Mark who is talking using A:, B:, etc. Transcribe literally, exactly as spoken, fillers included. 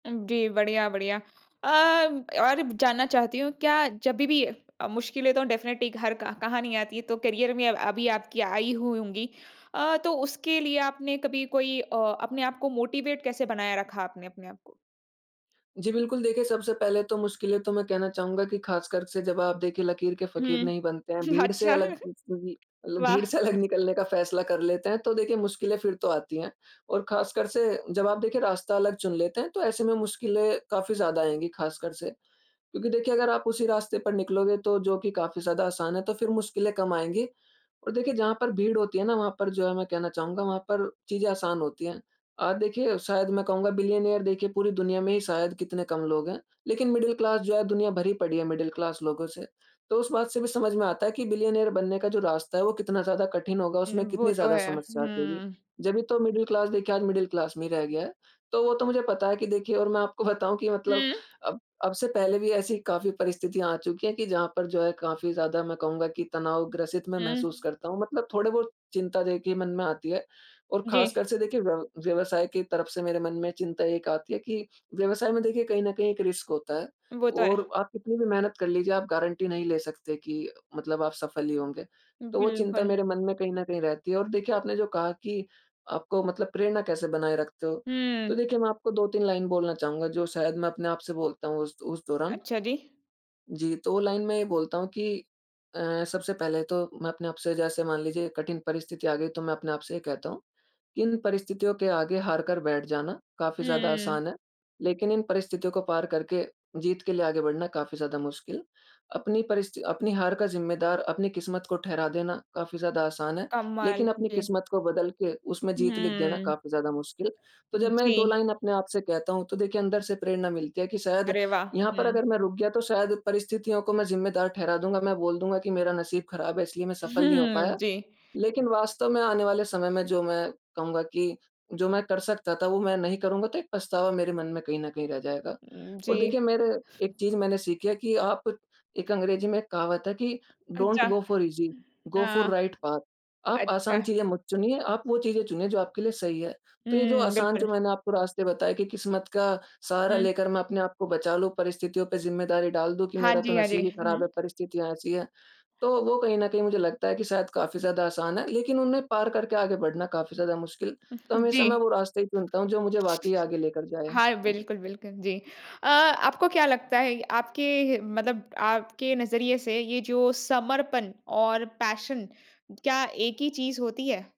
A: जी, बढ़िया-बढ़िया। अ, और जानना चाहती हूँ क्या जब भी भी अ, मुश्किलें तो डेफ़िनिटली घर का कहाँ नहीं आती है तो करियर में अब अभी आपकी आयी हुई होंगी। अ, तो उसके लिए आपने कभी कोई अ, अपने आप को मोटिवेट कैसे बनाया रखा आपने अपने आपको?
B: जी, बिल्कुल। देखिए सबसे पहले तो मुश्किलें तो मैं कहना चाहूँगा कि ख़ासकर से जब आप देखिए लकीर के फ़क़ीर नहीं
A: हुँ।
B: बनते हैं, भीड़ से
A: अच्छा।
B: अलग खुद से भी मतलब भीड़
A: वाह!
B: से अलग निकलने का फ़ैसला कर लेते हैं तो देखिए मुश्किलें फिर तो आती हैं। और ख़ासकर से जब आप देखिए रास्ता अलग चुन लेते हैं तो ऐसे में मुश्किलें काफ़ी ज़्यादा आएँगी ख़ासकर से। क्योंकि देखिए अगर आप उसी रास्ते पर निकलोगे तो जो कि काफ़ी ज़्यादा आसान है तो फिर मुश्किलें कम आएँगी। और देखिए जहाँ पर भीड़ होती है ना वहाँ पर जो है मैं कहना चाहूँगा वहाँ पर चीज़ें आसान होती हैं। आप देखिए शायद मैं कहूँगा बिलियनेयर देखिए पूरी दुनिया में ही शायद कितने कम लोग हैं। लेकिन मिडल क्लास जो है दुनिया भरी पड़ी है मिडल क्लास लोगों से। तो उस बात से भी समझ में आता है कि बिलियनेयर बनने का जो रास्ता है वो कितना ज़्यादा कठिन होगा,
A: हुँ,
B: उसमें
A: वो
B: कितनी
A: तो
B: ज़्यादा
A: है।
B: समस्या आती होगी।
A: हुँ।
B: जब ही तो मिडल क्लास देखिए आज मिडल क्लास में ही रह गया है। तो वो तो मुझे पता है कि देखिए और मैं आपको बताऊँ कि मतलब
A: हुँ।
B: अब अब से पहले भी ऐसी काफ़ी परिस्थितियाँ आ चुकी है कि जहाँ पर जो है काफ़ी ज़्यादा मैं कहूँगा कि तनाव ग्रसित मैं महसूस
A: हुँ।
B: करता हूँ। मतलब थोड़े बहुत चिंता देखिए मन में आती है। और
A: जी।
B: ख़ासकर से देखिए व्यव व्यवसाय की तरफ से मेरे मन में चिंता एक आती है कि व्यवसाय में देखिए कहीं न कहीं एक रिस्क होता है।
A: वो तो
B: और
A: है।
B: आप कितनी भी मेहनत कर लीजिए आप गारंटी नहीं ले सकते कि मतलब आप सफल ही होंगे। तो वो चिंता
A: बिल्कुल।
B: मेरे मन में कहीं न कहीं रहती है। और देखिए आपने जो कहा कि आपको मतलब प्रेरणा कैसे बनाए रखते हो।
A: हुँ।
B: तो देखिए मैं आपको दो तीन लाइन बोलना चाहूँगा जो शायद मैं अपने आप से बोलता हूँ उस उस दौरान।
A: अच्छा, जी।
B: जी तो वो लाइन में ये बोलता हूँ कि अ, सबसे पहले तो मैं अपने आप से जैसे मान लीजिए कठिन परिस्थिति आ गई तो मैं अपने आप से ये कहता हूँ कि इन परिस्थितियों के आगे हार कर बैठ जाना काफ़ी ज़्यादा
A: हुँ।
B: आसान है। लेकिन इन परिस्थितियों को पार करके जीत के लिए आगे बढ़ना काफ़ी ज़्यादा मुश्किल। अपनी परिस्थि अपनी हार का ज़िम्मेदार अपनी किस्मत को ठहरा देना काफ़ी ज़्यादा आसान है।
A: कमाल
B: लेकिन
A: की
B: अपनी
A: जे
B: किस्मत को बदल के उसमें जीत लिख देना
A: हुँ।
B: काफ़ी ज़्यादा मुश्किल। तो जब मैं दो
A: जी।
B: लाइन अपने आप से कहता हूँ तो देखिए अंदर से प्रेरणा मिलती है कि शायद
A: अरे वाह!
B: यहाँ पर
A: हुँ।
B: अगर मैं रुक गया तो शायद परिस्थितियों को मैं ज़िम्मेदार ठहरा दूँगा। मैं बोल दूँगा कि मेरा नसीब ख़राब है इसलिए मैं सफल नहीं हो
A: हुँ,
B: पाया।
A: जी।
B: लेकिन वास्तव में आने वाले समय में जो मैं कहूँगा कि जो मैं कर सकता था वो मैं नहीं करूँगा तो एक पछतावा मेरे मन में कहीं न कहीं रह जाएगा। और
A: जी।
B: देखिए मेरे एक चीज़ मैंने सीखी है कि आप एक अंग्रेजी में एक कहावत है कि
A: अच्छा।
B: Don't go
A: hmm,
B: for easy, go for
A: हाँ।
B: Right path. आप आसान
A: अच्छा।
B: चीज़ें मत चुनिए, आप वो चीज़ें चुनिए जो आपके लिए सही है। तो ये जो
A: हुँ,
B: आसान जो
A: बिल्कुल।
B: मैंने आपको रास्ते बताए कि किस्मत का सहारा
A: हुँ।
B: लेकर मैं अपने आप को बचा लूँ परिस्थितियों पर ज़िम्मेदारी डाल दूँ कि
A: हाँ
B: मेरा तो
A: जी, हाँ जी।
B: नसीब ही ख़राब
A: हुँ।
B: है परिस्थितियाँ ऐसी है। तो वो कहीं न कहीं मुझे लगता है कि शायद काफ़ी ज़्यादा आसान है। लेकिन उन्हें पार करके आगे बढ़ना काफ़ी ज़्यादा मुश्किल। तो हमेशा मैं
A: जी।
B: वो रास्ते ही चुनता हूँ जो मुझे वाक़ई आगे लेकर जाए।
A: हाँ,
B: जी।
A: बिल्कुल, बिल्कुल जी। अ, आपको क्या लगता है आपके हे मतलब आपके नज़रिए से ये जो समर्पण और पैशन क्या एक ही चीज़ होती है?